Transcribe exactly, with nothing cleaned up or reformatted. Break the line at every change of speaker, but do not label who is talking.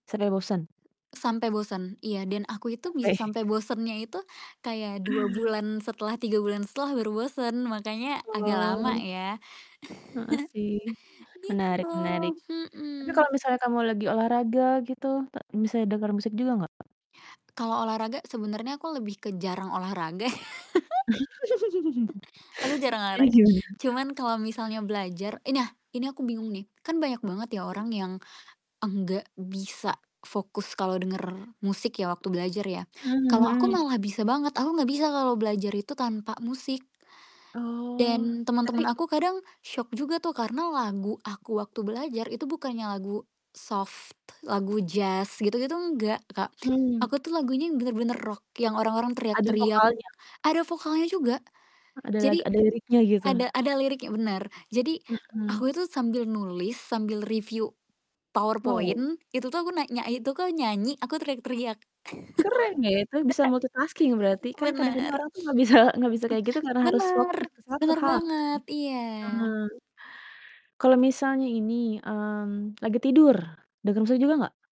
Sampe bosan?
Sampe bosen? Iya dan aku itu bisa
Oke.
sampe bosennya itu kayak dua bulan setelah, tiga bulan setelah baru bosen makanya agak lama
Oh.
ya.
Heeh, sih.
Gitu,
Menarik menarik, tapi kalau
mhm.
misalnya kamu lagi olahraga gitu, ta bisa denger musik juga nggak?
Kalau olahraga sebenernya aku lebih ke jarang olahraga. Aku jarang
Iya
olahraga
juga.
cuman kalau misalnya belajar i nah ini aku bingung nih, kan banyak banget ya
Mmm.
orang yang enggak bisa fokus kalau denger musik ya waktu belajar ya.
Mmm,
Kalau aku
mhm.
malah bisa banget, aku gak bisa kalau belajar itu tanpa musik.
Oh,
Dan
tapi
teman-teman aku kadang syok juga tuh karena lagu aku waktu belajar itu bukannya lagu soft, lagu jazz gitu-gitu enggak Kak.
Mmm.
Aku tuh lagunya bener-bener rock, yang orang-orang
Ada
teriak-teriak,
vokalnya?
ada vokalnya juga.
Ada lag
Jadi
ada liriknya gitu?
ada ada liriknya bener, jadi
Mhm.
aku itu sambil nulis, sambil review Power
Wow.
Point itu tuh aku nak nyai itu aku nyanyi, aku teriak-teriak.
Keren ya itu, bisa multitasking berarti, kan kadang-kadang
Bener.
orang tuh nggak bisa nggak bisa kayak gitu karena harus
Bener,
fokus ke satu
bener
hal kan.
banget, iya.
Eee, kalau misalnya ini, mmm, lagi tidur, dengar musik juga gak?